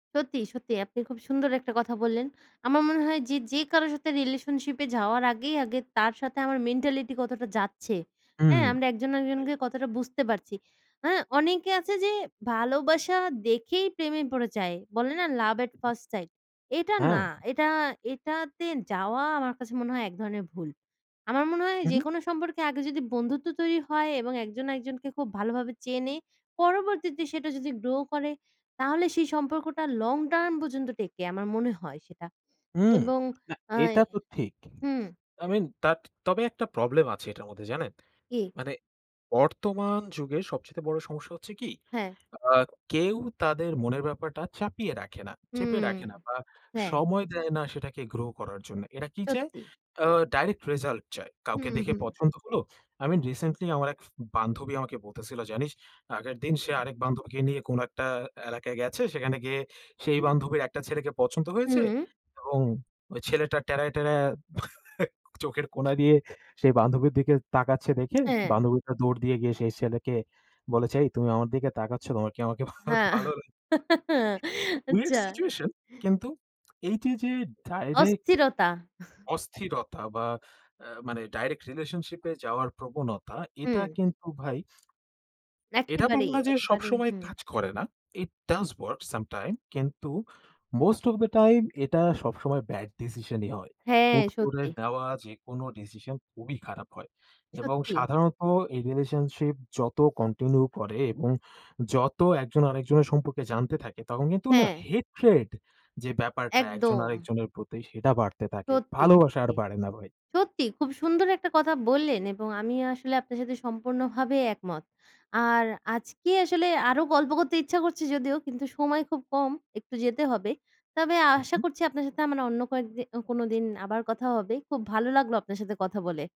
সত্যি, সত্যি আপনি খুব সুন্দর একটা কথা বললেন। আমার মনে হয় যে, যে কারো সাথে রিলেশনশিপে যাওয়ার আগেই আগে তার সাথে আমার মেন্টালিটি কতটা যাচ্ছে। হুম, হ্যাঁ? আমরা একজন তাই। একজনকে কতটা বুঝতে পারছি। হ্যাঁ? অনেকে আছে যে, ভালোবাসা দেখেই প্রেমে পড়ে যায়, বলে না, "লাভ অ্যাট ফার্স্ট সাইট?" এটা হ্যাঁ। না। এটা এটাতে যাওয়া আমার কাছে মনে হয় এক ধরনের ভুল। আমার মনে হয় হু, হু। যেকোনো সম্পর্কে আগে যদি বন্ধুত্ব তৈরি হয় এবং একজন একজনকে খুব ভালোভাবে চেনে, পরবর্তীতে সেটা যদি গ্রো করে, তাহলে সেই সম্পর্কটা লং টার্ম পর্যন্ত টেকে, আমার মনে হয় সেটা হুম। এবং না, আ এটা তো ঠিক। হুম। তবে তাত তবে একটা প্রবলেম আছে এটার মধ্যে, জানেন? জি। মানে বর্তমান যুগের সবচেতে বড় সমস্যা হচ্ছে কি হ্যাঁ। আ কেউ তাদের মনের ব্যাপারটা চাপিয়ে রাখে না। চেপে হুম, রাখে না বা হ্যাঁ। সময় দেয় না, সেটাকে গ্রো করার জন্য এরা কি চায়? সত্যি। আ ডাইরেক্ট রেজাল্ট চায়। হু, কাউকে দেখে হু। পছন্দ হল; আমি রিসেন্টলি আমার এক ফে বান্ধবী আমাকে বলতেছিল, "জানিস?" আগের দিন সে হুম। আরেক বান্ধবীকে নিয়ে কোন একটা এলাকায় গেছে। সেখানে গিয়ে সেই বান্ধবীর একটা ছেলেকে পছন্দ হয়েছে হুম। এবং ওই ছেলেটা টেরায়, টেরায় চোখের কোনা দিয়ে সেই বান্ধবীর দিকে তাকাচ্ছে দেখে, হ্যাঁ। বান্ধবীটা দৌড় দিয়ে গিয়ে সেই ছেলেকে বলেছে, "এই তুমি আমার দিকে তাকাচ্ছ কেনো? তোমার কি আমাকে ভা হ্যাঁ, ভালো" আচ্ছা। Weird situation. কিন্তু এই যে, যে ডাইরেক্ট অস্থিরতা। অস্থিরতা বা আ মানে ডাইরেক্ট রিলেশনশিপে যাওয়ার প্রবণতা, এটা হুম। কিন্তু ভাই এটা বলব একেবারেই, না যে, একেবারেই, সবসময় হুম। কাজ করে না। ইট ডাস ওয়ার্ক সামটাইম কিন্তু, মোস্ট অফ দ্যা টাইম এটা সবসময় ব্যাড ডিসিশনই হয়। হ্যাঁ, হূট করে সত্যি। দেওয়া যে কোনো ডিসিশন খুবই খারাপ হয়। এবং সত্যি। সাধারণত এই রিলেশনশিপ যত কন্টিনিউ করে এবং যত একজন আরেকজনের সম্পর্কে জানতে থাকে, তখন কিন্তু না? হ্যাঁ। হেট্রেড যে ব্যাপারটা, একজন একদম। আরেকজনের প্রতি, সেটা বাড়তে থাকে, সত্যি, ভালোবাসা আর সত্যি। বাড়ে না ভাই। সত্যি খুব সুন্দর একটা কথা বললেন এবং আমি আসলে আপনার সাথে সম্পূর্ণভাবে একমত। আর আজকে আসলে আরো গল্প করতে ইচ্ছা করছে যদিও কিন্তু, সময় খুব কম, একটু যেতে হবে। তবে হু, আশা হু। করছি আপনার সাথে আমার অন্য কয়েকদিন কোনোদিন আবার কথা হবে, খুব ভালো লাগলো আপনার সাথে কথা বলে।